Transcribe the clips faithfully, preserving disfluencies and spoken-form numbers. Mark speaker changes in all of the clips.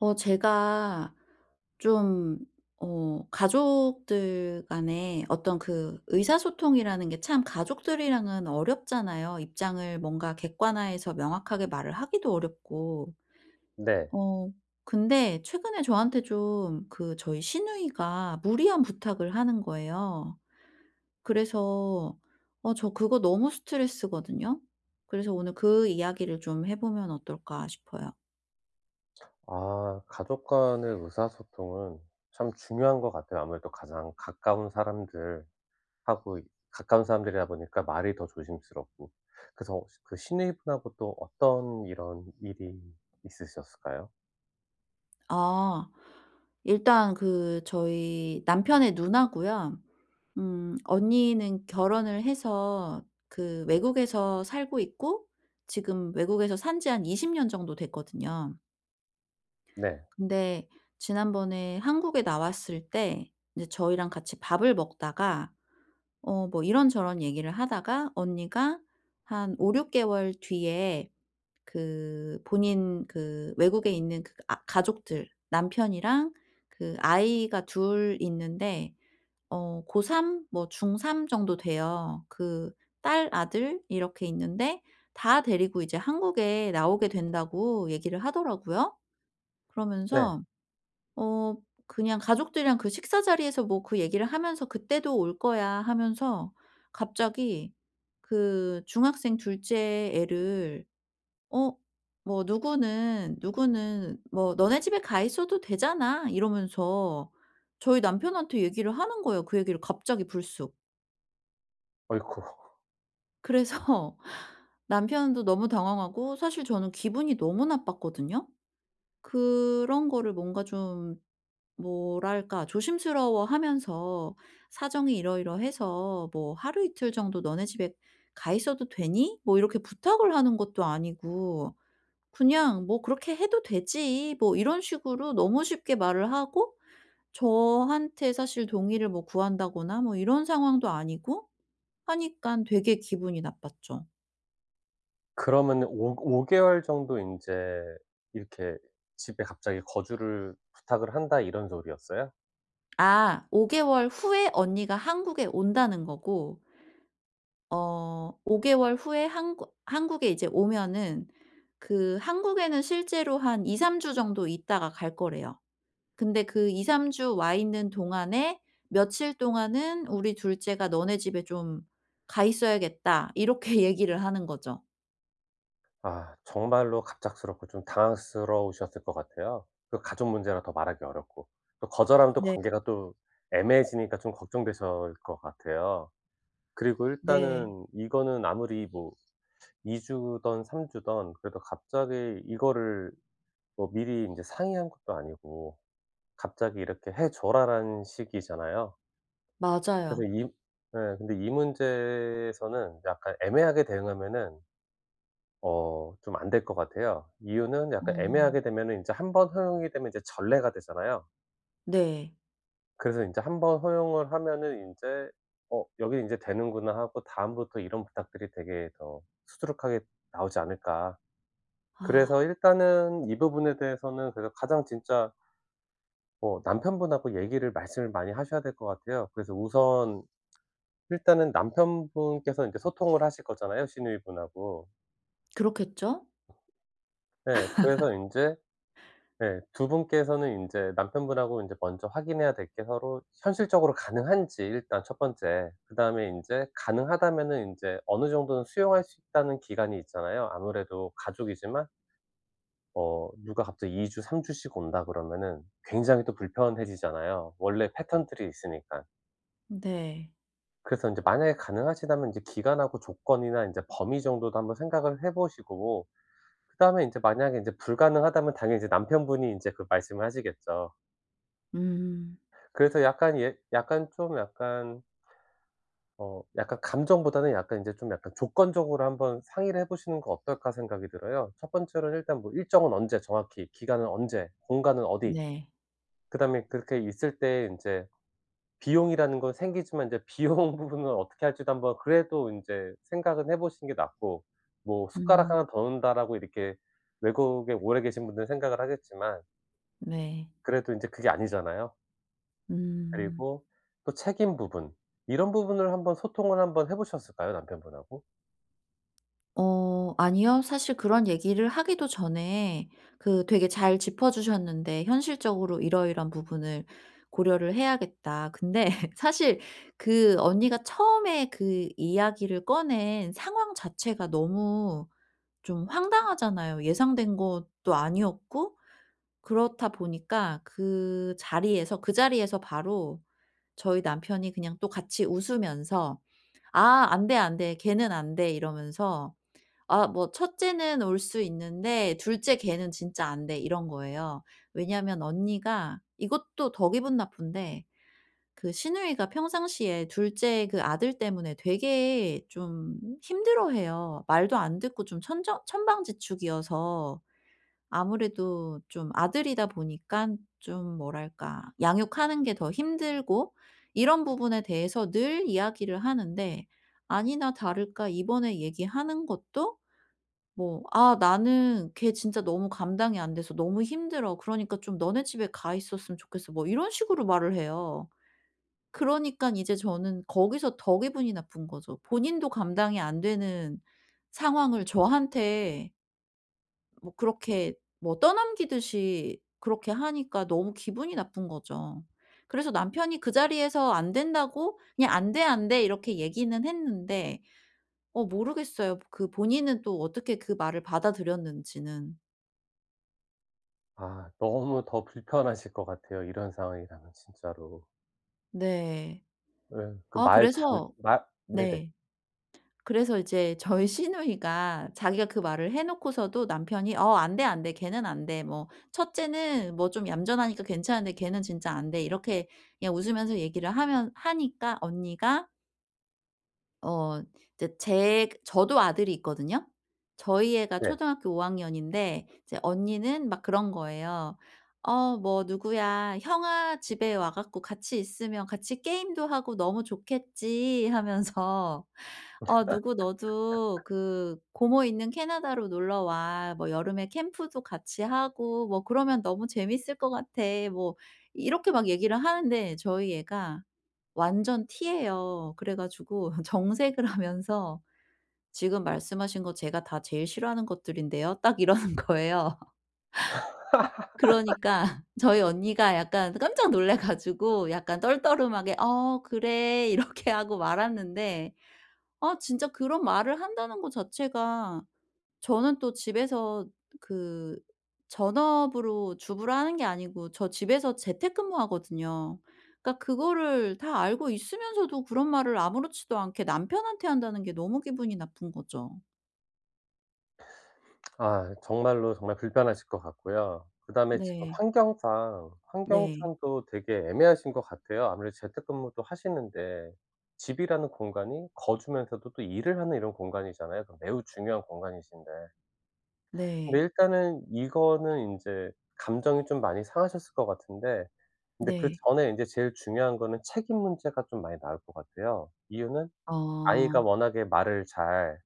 Speaker 1: 어 제가 좀 어 가족들 간에 어떤 그 의사소통이라는 게 참 가족들이랑은 어렵잖아요. 입장을 뭔가 객관화해서 명확하게 말을 하기도 어렵고.
Speaker 2: 네.
Speaker 1: 어 근데 최근에 저한테 좀 그 저희 시누이가 무리한 부탁을 하는 거예요. 그래서 어 저 그거 너무 스트레스거든요. 그래서 오늘 그 이야기를 좀 해 보면 어떨까 싶어요.
Speaker 2: 아 가족 간의 의사소통은 참 중요한 것 같아요. 아무래도 가장 가까운 사람들하고 가까운 사람들이다 보니까 말이 더 조심스럽고 그래서 그 시누이 분하고 또 어떤 이런 일이 있으셨을까요?
Speaker 1: 아 일단 그 저희 남편의 누나고요. 음 언니는 결혼을 해서 그 외국에서 살고 있고 지금 외국에서 산 지 한 이십 년 정도 됐거든요.
Speaker 2: 네.
Speaker 1: 근데 지난번에 한국에 나왔을 때 이제 저희랑 같이 밥을 먹다가 어 뭐 이런저런 얘기를 하다가 언니가 한 오륙 개월 뒤에 그 본인 그 외국에 있는 그 아 가족들, 남편이랑 그 아이가 둘 있는데 어 고 삼, 뭐 중 삼 정도 돼요. 그 딸, 아들 이렇게 있는데 다 데리고 이제 한국에 나오게 된다고 얘기를 하더라고요.
Speaker 2: 네.
Speaker 1: 그러면서 어 그냥 가족들이랑 그 식사 자리에서 뭐 그 얘기를 하면서 "그때도 올 거야."하면서 갑자기 그 중학생 둘 째 애를 어 뭐 "누구는 누구는 뭐 너네 집에 가 있어도 되잖아." 이러면서 저희 남편한테 얘기를 하는 거예요, 그 얘기를 갑자기 불쑥.
Speaker 2: 어이쿠.
Speaker 1: 그래서 남편도 너무 당황하고 사실 저는 기분이 너무 나빴거든요. 그런 거를 뭔가 좀 뭐랄까? 조심스러워하면서 사정이 이러이러해서 뭐 "하루 이틀 정도 너네 집에 가 있어도 되니?" 뭐 이렇게 부탁을 하는 것도 아니고 그냥 뭐 "그렇게 해도 되지." 뭐 이런 식으로 너무 쉽게 말을 하고 저한테 사실 동의를 뭐 구한다거나 뭐 이런 상황도 아니고 하니깐 되게 기분이 나빴죠.
Speaker 2: 그러면은 오 오 개월 정도 인제 이렇게 집에 갑자기 거주를 부탁을 한다 이런 소리였어요?
Speaker 1: 아 오 개월 후에 언니가 한국에 온다는 거고 어, 오 개월 후에 한국 한국에 이제 오면은 그 한국에는 실제로 한 이삼 주 정도 있다가 갈 거래요. 근데 "그 이삼 주 와 있는 동안에 며칠 동안은 우리 둘째가 너네 집에 좀 가 있어야겠다." 이렇게 얘기를 하는 거죠.
Speaker 2: 아 정말로 갑작스럽고 좀 당황스러우셨을 것 같아요, 그 가족 문제라 더 말하기 어렵고. 또 거절하면 또
Speaker 1: 네.
Speaker 2: 관계가 또 애매해지니까 좀 걱정되셜 것 같아요. 그리고
Speaker 1: 네.
Speaker 2: 일단은 이거는 아무리 뭐 이 주든 삼 주든 그래도 갑자기 이거를 뭐 미리 인제 상의한 것도 아니고 갑자기 "이렇게 해 줘라."라는 식이잖아요. 그래서
Speaker 1: 맞아요.
Speaker 2: 이 예. 근데 이 문제에서는 약간 애매하게 대응하면은 어 좀 안 될 것 같아요. 이유는 약간
Speaker 1: 어.
Speaker 2: 애매하게 되면은 인제 한 번 허용이 되면 이제 전례가 되잖아요.
Speaker 1: 네.
Speaker 2: 그래서 인제 한 번 허용을 하면은 인제 '어 여기 인제 되는구나.' 하고 다음부터 이런 부탁들이 되게 더 수두룩하게 나오지 않을까.
Speaker 1: 아.
Speaker 2: 그래서 일단은 이 부분에 대해서는 그래서 가장 진짜 뭐 남편 분하고 얘기를 말씀을 많이 하셔야 될 것 같아요. 그래서 우선 일단은 남편 분께서 이제 소통을 하실 거잖아요, 시누이 분하고.
Speaker 1: 그렇겠죠?
Speaker 2: 예 그래서 인제 예 두 분께서는 인제 남편 분하고 인제 먼저 확인해야 될 게 서로 현실적으로 가능한지 일단 첫 번째 그다음에 인제 가능하다면은 인제 어느 정도는 수용할 수 있다는 기간이 있잖아요. 아무래도 가족이지만 어 누가 갑자기 이 주, 삼 주씩 온다 그러면은 굉장히 또 불편해지잖아요, 원래 패턴들이 있으니까.
Speaker 1: 네.
Speaker 2: 그래서 인제 만약에 가능하시다면 인제 기간하고 조건이나 인제 범위 정도도 한번 생각을 해 보시고 그다음에 인제 만약에 인제 불가능하다면 당연히 이제 남편 분이 인제 그 말씀을 하시겠죠.
Speaker 1: 음.
Speaker 2: 그래서 약간 예 약간 좀 약간 어 약간 감정보다는 약간 인제 좀 약간 조건적으로 한번 상의를 해보시는 거 어떨까 생각이 들어요. 첫 번째로는 일단 뭐 일정은 언제 정확히 기간은 언제 공간은 어디
Speaker 1: 네.
Speaker 2: 그다음에 그렇게 있을 때 인제 비용이라는 거 생기지만 이제 비용 부분을 어떻게 할지도 한번 그래도 인제 생각은 해보시는 게 낫고. 뭐 숟가락
Speaker 1: 음.
Speaker 2: 하나 더 놓는다라고 이렇게 외국에 오래 계신 분들은 생각을 하겠지만
Speaker 1: 네.
Speaker 2: 그래도 인제 그게 아니잖아요.
Speaker 1: 음.
Speaker 2: 그리고 또 책임 부분 이런 부분을 한번 소통을 한번 해 보셨을까요? 남편분하고?
Speaker 1: 어 아니요. 사실 그런 얘기를 하기도 전에 그 되게 잘 짚어 주셨는데 현실적으로 이러 이러한 부분을 고려를 해야겠다. 근데 사실 그 언니가 처음에 그 이야기를 꺼낸 상황 자체가 너무 좀 황당하잖아요, 예상된 것도 아니었고. 그렇다 보니까 그 자리에서, 그 자리에서 바로 저희 남편이 그냥 또 같이 웃으면서 "아 안 돼, 안 돼. 걔는 안 돼." 이러면서 아 뭐 "첫째는 올 수 있는데 둘 째 걔는 진짜 안 돼." 이런 거예요. 왜냐하면 언니가 이것도 더 기분 나쁜데 그 시누이가 평상시에 둘 째 그 아들 때문에 되게 좀 힘들어해요. 말도 안 듣고 좀 천정 천방지축이어서. 아무래도 좀 아들이다 보니깐 좀 뭐랄까 양육하는 게 더 힘들고 이런 부분에 대해서 늘 이야기를 하는데 아니나 다를까 이번에 얘기하는 것도 뭐 "아 나는 걔 진짜 너무 감당이 안 돼서 너무 힘들어. 그러니까 좀 너네 집에 가 있었으면 좋겠어." 뭐 이런 식으로 말을 해요. 그러니깐 이제 저는 거기서 더 기분이 나쁜 거죠. 본인도 감당이 안 되는 상황을 저한테 뭐 그렇게 뭐 떠넘기듯이 그렇게 하니까 너무 기분이 나쁜 거죠. 그래서 남편이 그 자리에서 안 된다고 그냥 "안 돼, 안 돼." 이렇게 얘기는 했는데 어 모르겠어요. 그 본인은 또 어떻게 그 말을 받아들였는지는.
Speaker 2: 아 너무 더 불편하실 것 같아요. 이런 상황이라면 진짜로.
Speaker 1: 네.
Speaker 2: 왜 그
Speaker 1: 아
Speaker 2: 말 잘
Speaker 1: 그래서
Speaker 2: 말 네네.
Speaker 1: 네 그래서 이제 저희 시누이가 자기가 그 말을 해 놓고서도 남편이 "어 안 돼, 안 돼' 걔는 안 돼. 뭐 첫째는 뭐 좀 얌전하니까 괜찮은데 걔는 진짜 안 돼." 이렇게 그냥 웃으면서 얘기를 하면 하니까 언니가 어 제 제 저도 아들이 있거든요? 저희 애가
Speaker 2: 네.
Speaker 1: 초등학교 오 학년인데 이제 언니는 막 그런 거예요 어 뭐 "누구야. 형아 집에 와 갖고 같이 있으면 같이 게임도 하고 너무 좋겠지." 하면서 어 "누구 너도 그 고모 있는 캐나다로 놀러 와. 뭐 여름에 캠프도 같이 하고 뭐 그러면 너무 재밌을 것 같아." 뭐 이렇게 막 얘기를 하는데 저희 애가 완전 T예요. 그래 가지고 정색을 하면서 "지금 말씀하신 거 제가 다 제일 싫어하는 것들인데요." 딱 이러는 거예요. 그러니까 저희 언니가 약간 깜짝 놀래 가지고 약간 떨떠름하게 "어 그래." 이렇게 하고 말았는데 아 진짜 그런 말을 한다는 거 자체가 저는 또 집에서 그 전업으로 주부를 하는 게 아니고 저 집에서 재택근무 하거든요. 그러니까 그거를 다 알고 있으면서도 그런 말을 아무렇지도 않게 남편한테 한다는 게 너무 기분이 나쁜 거죠.
Speaker 2: 아 정말로, 정말 불편하실 것 같고요. 그다음에 지금
Speaker 1: 네.
Speaker 2: 환경상
Speaker 1: 네.
Speaker 2: 환경상도 되게 애매하신 것 같아요. 아무래도 재택 근무도 하시는데 집이라는 공간이 거주면서도 또 일을 하는 이런 공간이잖아요. 그럼 매우 중요한 공간이신데 근데
Speaker 1: 네.
Speaker 2: 일단은 이거는 인제 감정이 좀 많이 상하셨을 것 같은데 근데
Speaker 1: 네.
Speaker 2: 그전에 인제 제일 중요한 거는 책임 문제가 좀 많이 나올 것 같아요. 이유는 아이가
Speaker 1: 어.
Speaker 2: 워낙에 말을 잘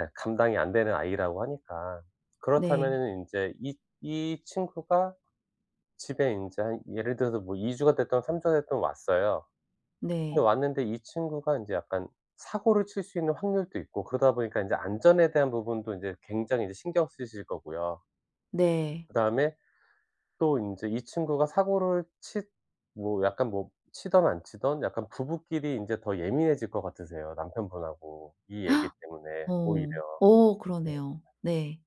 Speaker 2: 예 감당이 안 되는 아이라고 하니까.
Speaker 1: 네.
Speaker 2: 그렇다면은 인제 이 이 친구가 집에 인제 한 예를 들어서 뭐 이 주가 됐든 삼 주가 됐든 왔어요. 근데
Speaker 1: 네.
Speaker 2: 왔는데 이 친구가 인제 약간 사고를 칠 수 있는 확률도 있고 그러다 보니까 인제 안전에 대한 부분도 이제 굉장히 이제 신경 쓰실 거고요.
Speaker 1: 네.
Speaker 2: 그다음에 또 인제 이 친구가 사고를 치 뭐 약간 뭐 치든 안 치든 약간 부부끼리 인제 더 예민해질 것 같으세요, 남편 분하고 이 얘기 때문에 오히려.
Speaker 1: 어. 어
Speaker 2: 예.
Speaker 1: 그러네요. 네.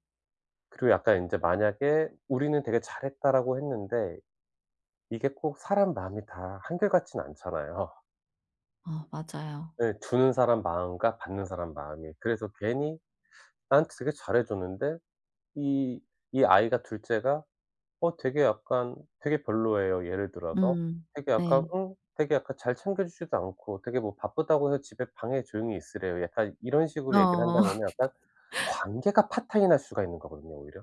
Speaker 2: 그리고 약간 인제 만약에 '우리는 되게 잘했다.'라고 했는데 이게 꼭 사람 마음이 다 한결 같진 않잖아요.
Speaker 1: 어 맞아요.
Speaker 2: 예, 주는 사람 마음과 받는 사람 마음이. 그래서 괜히 나한테 되게 잘해 줬는데 이 이 아이가 둘 째가 어 되게 약간 되게 별로예요 예를 들어서.
Speaker 1: 음.
Speaker 2: 되게 약간
Speaker 1: 네.
Speaker 2: 응 되게 약간 "잘 챙겨 주지도 않고 되게 뭐 바쁘다고 해서 집에 방에 조용히 있으래요." 약간 이런 식으로 얘기를
Speaker 1: 어.
Speaker 2: 한다면은 약간 관계가 파탄이 날 수가 있는 거거든요 오히려.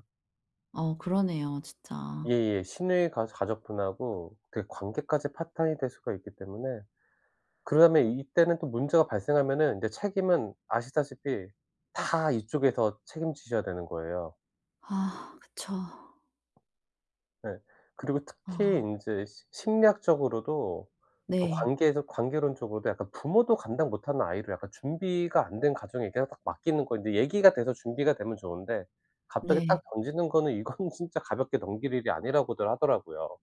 Speaker 1: 어 그러네요. 진짜.
Speaker 2: 예예. 시누이 가 가족분하고 그 관계까지 파탄이 될 수가 있기 때문에 그다음에 이때는 또 문제가 발생하면은 이제 책임은 아시다시피 다 이쪽에서 책임지셔야 되는 거예요.
Speaker 1: 아 그쵸.
Speaker 2: 네. 그리고 특히
Speaker 1: 어.
Speaker 2: 인제 시 심리학적으로도 그
Speaker 1: 네.
Speaker 2: 관계에서 관계론적으로도 약간 부모도 감당 못하는 아이를 약간 준비가 안 된 가정에게 딱 맡기는 거 이제 얘기가 돼서 준비가 되면 좋은데 갑자기 딱
Speaker 1: 네.
Speaker 2: 던지는 거는 이거는 진짜 가볍게 넘길 일이 아니라고들 하더라고요.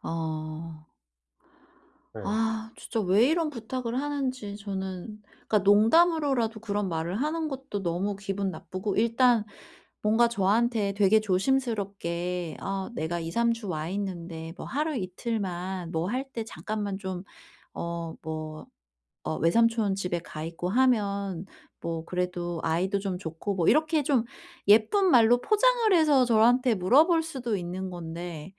Speaker 1: 어.
Speaker 2: 예.
Speaker 1: 아 진짜 왜 이런 부탁을 하는지 저는 그니까 농담으로라도 그런 말을 하는 것도 너무 기분 나쁘고 일단 뭔가 저한테 되게 조심스럽게 "아 내가 이삼 주 와 있는데 뭐 하루 이틀만 뭐 할 때 잠깐만 좀 어 뭐 어 외삼촌 집에 가있고 하면 뭐 그래도 아이도 좀 좋고" 뭐 이렇게 좀 예쁜 말로 포장을 해서 저한테 물어볼 수도 있는 건데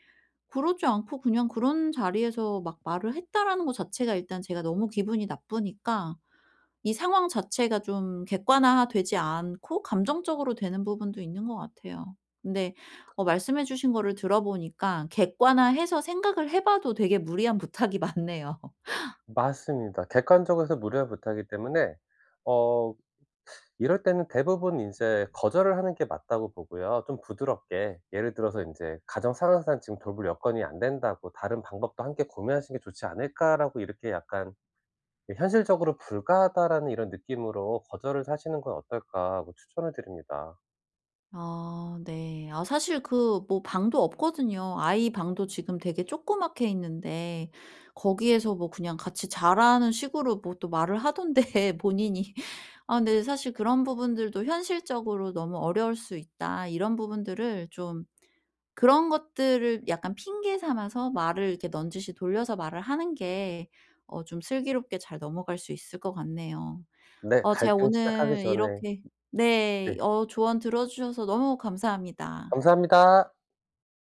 Speaker 1: 그러지 않고 그냥 그런 자리에서 막 말을 했다라는 거 자체가 일단 제가 너무 기분이 나쁘니까 이 상황 자체가 좀 객관화되지 않고 감정적으로 되는 부분도 있는 것 같아요. 근데 어 말씀해 주신 거를 들어보니까 객관화해서 생각을 해 봐도 되게 무리한 부탁이 맞네요.
Speaker 2: 맞습니다. 객관적으로 해서 무리한 부탁이기 때문에 어 이럴 때는 대부분 인제 거절을 하는 게 맞다고 보고요 좀 부드럽게. 예를 들어서 인제 "가정 상황상 지금 돌볼 여건이 안 된다."고 "다른 방법도 함께 고민하시는 게 좋지 않을까."라고 이렇게 약간 이 '현실적으로 불가하다.'라는 '이런 느낌으로 거절을 사시는 건 어떨까.' 하고 추천을 드립니다.
Speaker 1: 아 네. 아 사실 그 뭐 방도 없거든요. 아이 방도 지금 되게 조그맣게 있는데 거기에서 뭐 그냥 같이 자라는 식으로 뭐 또 말을 하던데 본인이. 아 근데 사실 그런 부분들도 현실적으로 너무 어려울 수 있다 이런 부분들을 좀 그런 것들을 약간 핑계 삼아서 말을 이렇게 넌지시 돌려서 말을 하는 게 어 좀 슬기롭게 잘 넘어갈 수 있을 것 같네요.
Speaker 2: 네.
Speaker 1: 어 제가
Speaker 2: 갈등 시작하기
Speaker 1: 오늘
Speaker 2: 전에
Speaker 1: 이렇게
Speaker 2: 네.
Speaker 1: 네 어 조언 들어 주셔서 너무 감사합니다.
Speaker 2: 감사합니다.